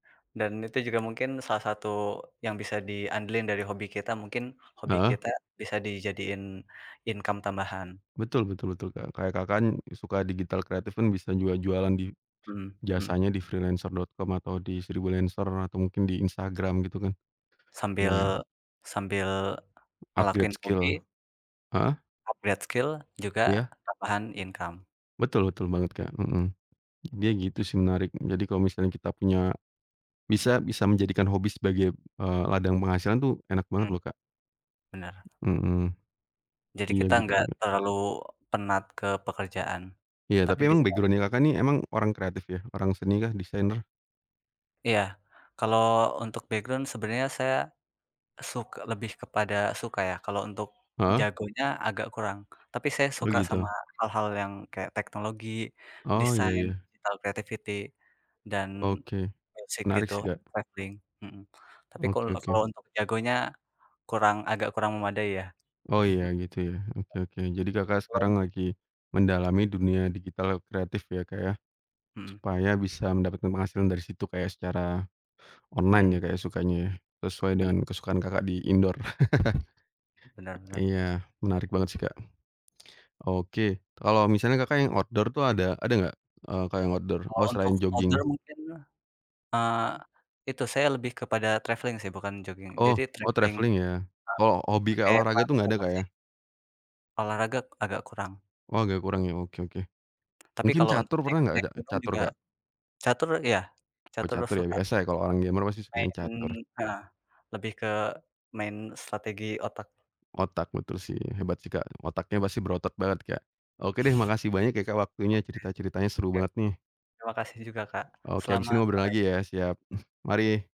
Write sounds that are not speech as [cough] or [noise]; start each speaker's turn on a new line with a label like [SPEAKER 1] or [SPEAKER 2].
[SPEAKER 1] Dan itu juga mungkin salah satu yang bisa di andelin dari hobi kita, mungkin hobi
[SPEAKER 2] Heeh.
[SPEAKER 1] kita bisa dijadiin income tambahan.
[SPEAKER 2] Betul betul betul Kak. Kayak Kakak kan suka digital kreatif kan bisa juga jualan di
[SPEAKER 1] Mhm mhm.
[SPEAKER 2] jasanya di freelancer.com atau di Sribulancer atau mungkin di Instagram gitu kan.
[SPEAKER 1] Sambil
[SPEAKER 2] Iya.
[SPEAKER 1] sambil
[SPEAKER 2] Upgrade
[SPEAKER 1] ngelakuin
[SPEAKER 2] skill.
[SPEAKER 1] hobi
[SPEAKER 2] Heeh?
[SPEAKER 1] upgrade skill juga
[SPEAKER 2] Iya.
[SPEAKER 1] tambahan income.
[SPEAKER 2] Betul betul banget Kak. Mhm. Dia gitu sih menarik. Jadi kalau misalnya kita punya bisa bisa menjadikan hobi sebagai, eee, ladang penghasilan tuh enak banget
[SPEAKER 1] Hmm.
[SPEAKER 2] loh Kak.
[SPEAKER 1] Benar.
[SPEAKER 2] Mhm.
[SPEAKER 1] Jadi
[SPEAKER 2] Iya
[SPEAKER 1] kita
[SPEAKER 2] gitu
[SPEAKER 1] nggak
[SPEAKER 2] juga.
[SPEAKER 1] terlalu penat ke pekerjaan
[SPEAKER 2] Iya
[SPEAKER 1] tapi
[SPEAKER 2] tapi emang
[SPEAKER 1] bisa [unintelligible]
[SPEAKER 2] background-nya Kakak nih emang orang kreatif ya? Orang seni kah? Desainer?
[SPEAKER 1] Iya kalau untuk background sebenarnya saya suk lebih kepada suka ya, kalau untuk
[SPEAKER 2] Heeh.
[SPEAKER 1] jagonya agak kurang. Tapi saya
[SPEAKER 2] Oh
[SPEAKER 1] suka sama
[SPEAKER 2] gitu.
[SPEAKER 1] hal-hal yang kayak teknologi,
[SPEAKER 2] Oh ya
[SPEAKER 1] desain,
[SPEAKER 2] ya.
[SPEAKER 1] digital creativity dan
[SPEAKER 2] Oke,
[SPEAKER 1] musik
[SPEAKER 2] menarik
[SPEAKER 1] gitu,
[SPEAKER 2] sih Kak.
[SPEAKER 1] travelling. Mhm. Tapi kalau
[SPEAKER 2] Oke oke.
[SPEAKER 1] kalau untuk jagonya kurang agak kurang memadai ya.
[SPEAKER 2] Oh iya gitu ya. Oke oke. Jadi Kakak
[SPEAKER 1] [chuckles] Kalau
[SPEAKER 2] sekarang
[SPEAKER 1] untuk
[SPEAKER 2] lagi mendalami dunia digital kreatif ya Kak, ya.
[SPEAKER 1] Mmm.
[SPEAKER 2] Supaya bisa mendapatkan penghasilan dari situ kayak secara online ya,
[SPEAKER 1] Mhm.
[SPEAKER 2] Kak sukanya. Sesuai
[SPEAKER 1] Ben
[SPEAKER 2] dengan kesukaan Kakak di indoor. [chuckles]
[SPEAKER 1] Benar benar.
[SPEAKER 2] Iya menarik banget sih Kak. Oke, kalau misalnya Kakak yang outdoor tuh ada ada nggak, eee, Kak yang outdoor?
[SPEAKER 1] Kalau
[SPEAKER 2] Oh
[SPEAKER 1] untuk
[SPEAKER 2] selain
[SPEAKER 1] outdoor
[SPEAKER 2] jogging.
[SPEAKER 1] mungkin, eee, itu saya lebih kepada travelling sih bukan jogging.
[SPEAKER 2] Oh
[SPEAKER 1] Jadi
[SPEAKER 2] oh
[SPEAKER 1] travelling,
[SPEAKER 2] traveling ya.
[SPEAKER 1] eee,
[SPEAKER 2] Kalau hobi kayak
[SPEAKER 1] pakai
[SPEAKER 2] olahraga itu nggak ada Kak,
[SPEAKER 1] transportasi.
[SPEAKER 2] ya?
[SPEAKER 1] Olahraga agak kurang.
[SPEAKER 2] Oh agak kurang ya. Oke oke.
[SPEAKER 1] Tapi
[SPEAKER 2] Mungkin
[SPEAKER 1] kalau untuk
[SPEAKER 2] catur
[SPEAKER 1] naik
[SPEAKER 2] pernah nggak,
[SPEAKER 1] naik gunung
[SPEAKER 2] catur
[SPEAKER 1] juga
[SPEAKER 2] Kak?
[SPEAKER 1] catur ya,
[SPEAKER 2] Oh
[SPEAKER 1] catur
[SPEAKER 2] catur ya
[SPEAKER 1] suka.
[SPEAKER 2] biasa ya kalau orang gamer pasti sukanya catur.
[SPEAKER 1] Main heeh, lebih ke main strategi otak.
[SPEAKER 2] Otak betul sih. Hebat sih Kak. Otaknya pasti berotot banget Kak. Oke deh makasih banyak ya Kak waktunya cerita-ceritanya seru
[SPEAKER 1] Oke. Ya.
[SPEAKER 2] banget nih.
[SPEAKER 1] Terima kasih juga Kak.
[SPEAKER 2] Oke habis ini
[SPEAKER 1] Selamat
[SPEAKER 2] ngobrol
[SPEAKER 1] sore.
[SPEAKER 2] lagi ya. Siap. Mari.